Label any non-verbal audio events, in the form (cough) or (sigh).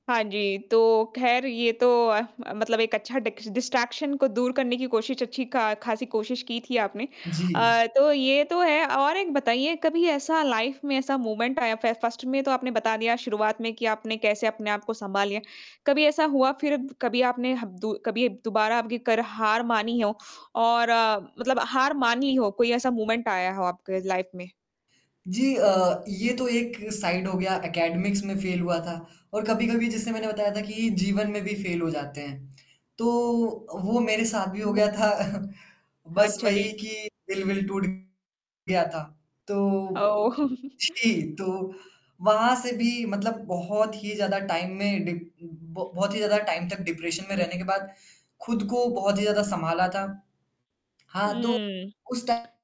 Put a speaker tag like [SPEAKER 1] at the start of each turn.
[SPEAKER 1] हाँ जी। तो ख़ैर ये तो अ, मतलब एक अच्छा डिक्स डिस्ट्रैक्शन को दूर करने की कोशिश अच्छी का ख़ासी कोशिश की थी आपने।
[SPEAKER 2] जी।
[SPEAKER 1] अ, तो ये तो है और एक बताइए कभी ऐसा लाइफ़ में ऐसा मोमेंट आया फ फ़र्स्ट में तो आपने बता दिया शुरुआत में कि आपने कैसे अपने आप को सँभाल लिए। कभी ऐसा हुआ फिर कभी आपने हब दु कभी दोबारा आपकी कर हार मानी हो और मतलब हार मान ली हो, कोई ऐसा मोमेंट आया हो आपके लाइफ़ में?
[SPEAKER 2] जी अ, ये तो एक साइड हो गया एकेडमिक्स में फ़ेल हुआ था और कभी-कभी जिससे मैंने बताया था कि जीवन में भी फ़ेल हो जाते हैं, तो वो मेरे साथ भी हो
[SPEAKER 1] वो
[SPEAKER 2] गया था। (chuckles) बस
[SPEAKER 1] अच्छा जी।
[SPEAKER 2] वही कि दिल-विल टूट गया था। तो
[SPEAKER 1] ओह!
[SPEAKER 2] जी
[SPEAKER 1] (laughs)
[SPEAKER 2] तो, वहाँ से भी मतलब बहुत ही ज़्यादा टाइम में डीप ब बहुत ही ज़्यादा टाइम तक डिप्रेशन में रहने के बाद। खुद को बहुत ही ज़्यादा संभाला था। हाँ तो।
[SPEAKER 1] हुँ।
[SPEAKER 2] उस टा